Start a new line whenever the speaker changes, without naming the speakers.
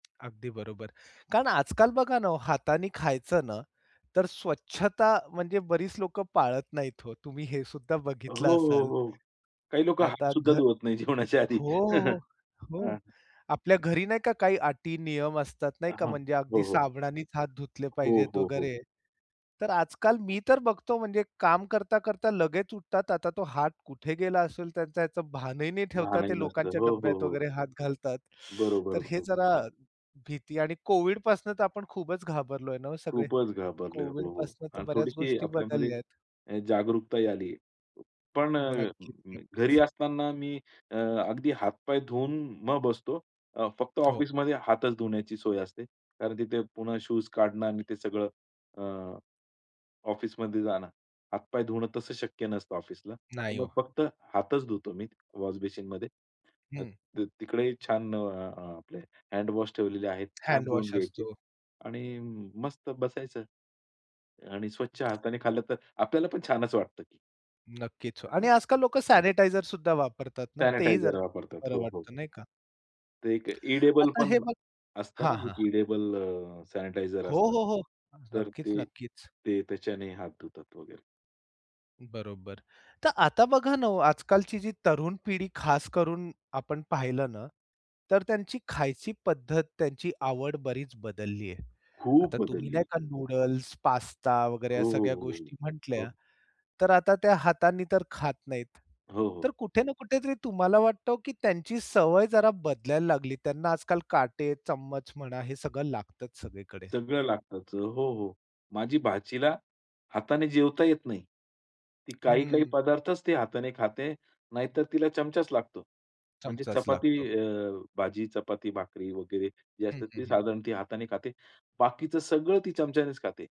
अगदी बरोबर. कारण आजकाल बघा ना हो हाताने खायचं ना, तर स्वच्छता म्हणजे बरीच लोकं पाळत नाहीत हो. तुम्ही हे सुद्धा
हो,
बघितलं
हो,
असाल.
हो. काही लोकं हात
आता
सुद्धा
घर.
धुवत नाही जेवणाच्या आधी.
हो, हो,
हां.
हो, हो. आपल्या घरी नाही का काही अटी नियम असतात नाही का
हां.
म्हणजे
हो,
अगदी
हो.
साबणानीच हात धुतले
हो,
पाहिजेत
हो, हो.
वगैरे. तर आजकाल मी तर बघतो म्हणजे काम करता-करता लगेच उठतात आता तो हात कुठे गेला असेल त्यांचा ह्याचं भानही नाही ठेवता
भानही
ते
नसतं.
लोकांच्या
हो, हो,
डब्यात
हो.
वगैरे हात घालतात.
बरोबर,
तर हे
बरोबर.
जरा भीती आणि कोव्हिडपासून तर आपण खूपच घाबरलोय ना हो सगळे.
खूपच घाबरले. हो, हो.
कोव्हिडपासून तर
आणि
बऱ्याच
थोडीशी
गोष्टी
आपल्यामध्ये
बदलल्या आहेत.
अ, जागरूकताही आली. पण अ,
नक्कीच,
[unintelligible] घरी
नक्कीच.
असताना मी अगदी हात-पाय धुवून मग बसतो. अ, फक्त
हो.
ऑफिसमध्ये हातच धुण्याची सोय असते. कारण तिथे पुन्हा शूज काढणं आणि ते सगळं अ, ऑफिसमध्ये जाणं. हातपाय धुणं तसं शक्य नसतं ऑफिसला. तर
नाही
मग
हो.
फक्त हातच धुतो मी वॉश बेसीनमध्ये. अ,
हं.
त तिकडेही छान अ, आपले हँडवॉश ठेवलेले आहेत. छान धुवून
हँडवॉश
घ्यायचे
असतो.
आणि मस्त बसायचं. आणि स्वच्छ हाताने खाल्लं तर आपल्याला पण छानच वाटतं की.
नक्कीच
हां,
आणि
हां.
आजकाल लोकं सॅनिटायझर सुद्धा वापरतात ना. ते ही जरा
सॅनिटायझर वापरतात.
बरं
हो, हो.
वाटत नाही का.
ते एक एडिबल
आता
पण
हे बघा
असतं ना
हां, हां, हां.
एडिबल अ, सॅनिटायझर
हो,
असतात.
हो, हो. अ,
तर ते
नक्कीच-नक्कीच.
ते त्याच्याने हात धुतात वगैरे.
बरोबर. तर आता बघा ना हो आजकालची जी तरुण पिढी खास करून आपण पाहिलं ना तर त्यांची खायची पद्धत त्यांची आवड बरीच बदलली आहे. आता
खूप
तुम्ही
बदलली.
नाही का नूडल्स, पास्ता वगैरे ह्या
हो, हो,
सगळ्या
हो,
गोष्टी
हो,
म्हटल्या
हो.
तर आता त्या हातानी तर खात नाहीत.
हो,
तर
हो.
कुठे ना कुठे तरी तुम्हाला वाटतं, की त्यांची सवय जरा बदलायला लागली. त्यांना आजकाल काटे चम्मच म्हणा हे सगळं लागतच सगळीकडे.
सगळं लागतंच. हो, हो. माझी भाचीला हाताने जेवता येत नाही. ती काही-काही
हं.
पदार्थच ती हाताने खाते. नाहीतर तिला चमचाच लागतो. म्हणजे
चमचाच
चपाती
लागतो.
अ, भाजी चपाती, भाकरी वगैरे जे
हं,
असतात
हं,
ते
हं.
साधारण ती हाताने खाते. बाकीचं सगळं ती चमच्यानेच खाते.